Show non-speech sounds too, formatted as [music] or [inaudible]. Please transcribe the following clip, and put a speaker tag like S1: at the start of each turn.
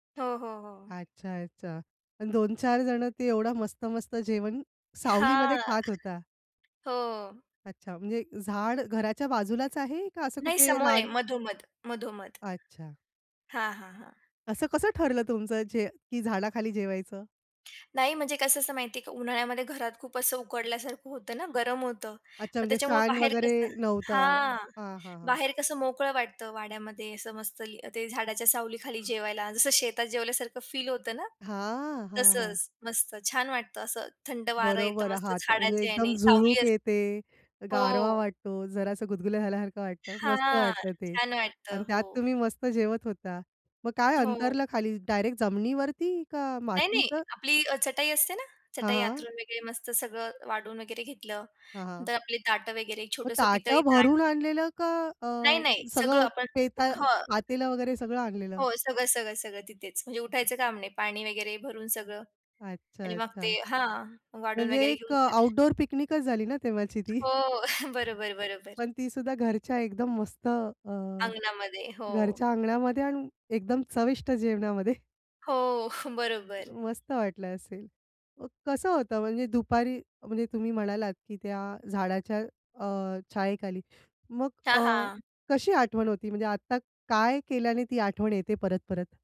S1: हो, हो, हो.
S2: अच्छा, अच्छा आणि 2-4 जण ते एवढं मस्त-मस्त जेवण, सावलीमध्ये
S1: हां,
S2: खात होता.
S1: हो.
S2: अच्छा. म्हणजे झाड घराच्या बाजूलाच आहे का असं
S1: नाही,
S2: कुठे
S1: समोर आहे
S2: रान
S1: मधोमध, मधोमध.
S2: अच्छा.
S1: हां, हां, हां.
S2: असं कसं ठरलं तुमचं जे की झाडाखाली जेवायचं?
S1: नाही म्हणजे कसं असं माहिती आहे का, उन्हाळ्यामध्ये घरात खूप असं उकडल्यासारखं होतं ना, गरम होतं,
S2: अच्छा,
S1: मग
S2: म्हणजे
S1: त्याच्यामुळं
S2: फॅन
S1: बाहेर
S2: वगैरे
S1: कसं
S2: नव्हता,
S1: हां.
S2: हां, हां.
S1: बाहेर कसं मोकळं वाटतं वाड्यामध्ये, असं मस्त अ, ते झाडाच्या सावलीखाली जेवायला जसं शेतात जेवल्यासारखं फील होतं ना,
S2: हां, हां, हां.
S1: तसंच मस्त छान वाटतं असं, थंड वारं येतं
S2: बरोबर
S1: मस्त
S2: हाता म्हणजे
S1: झाडाचे
S2: एकदम
S1: याने सावली
S2: झुळूक
S1: असते.
S2: येते, गारवा
S1: हो.
S2: वाटतो, जरासं गुदगुल्या झाल्यासारखं वाटतं, मस्त
S1: हां,
S2: वाटतं ते
S1: छान
S2: आणि
S1: वाटतं.
S2: त्यात
S1: हो.
S2: तुम्ही मस्त जेवत होता. मग काय
S1: हो.
S2: अंतरल खाली डायरेक्ट जमिनीवरती का
S1: नाही, नाही,
S2: मातीत?
S1: आपली चटाई असते ना,
S2: हां,
S1: चटाई
S2: हां.
S1: अंथरून वगैरे मस्त सगळं वाढून वगैरे घेतलं
S2: हां, हां.
S1: तर आपले ताटं वगैरे
S2: मग
S1: छोटंसं
S2: ताटं
S1: पितळी ताट.
S2: भरून आणलेलं का अ,
S1: नाही, नाही, सगळं
S2: सगळं
S1: आपण
S2: पेताळ
S1: हं.
S2: पातेल वगैरे सगळं आणलेलं?
S1: हो, सगळं-सगळं-सगळं तिथेच म्हणजे उठायचं काम नाही, पाणी वगैरे भरून सगळं
S2: अच्छा,
S1: आणि मग
S2: अच्छा.
S1: ते हां. वाढुन
S2: म्हणजे
S1: वगैरे
S2: एक अ,
S1: घेऊन ज
S2: आउटडोर पिकनिकच झाली ना तेव्हाची ती. [chuckles]
S1: हो, [chuckles] बरोबर, बरोबर.
S2: पण ती सुद्धा घरच्या एकदम मस्त अ,
S1: अंगणामध्ये. हो.
S2: घरच्या अंगणामध्ये आणि एकदम चविष्ट जेवणामध्ये. [chuckles]
S1: हो, बरोबर.
S2: मस्त वाटलं असेल. मग कसं होतं म्हणजे दुपारी म्हणजे तुम्ही म्हणालात, की त्या झाडाच्या अ, छायेखाली मग अ,
S1: हां, हां.
S2: कशी आठवण होती म्हणजे आत्ता काय केल्याने ती आठवण येते परत परत?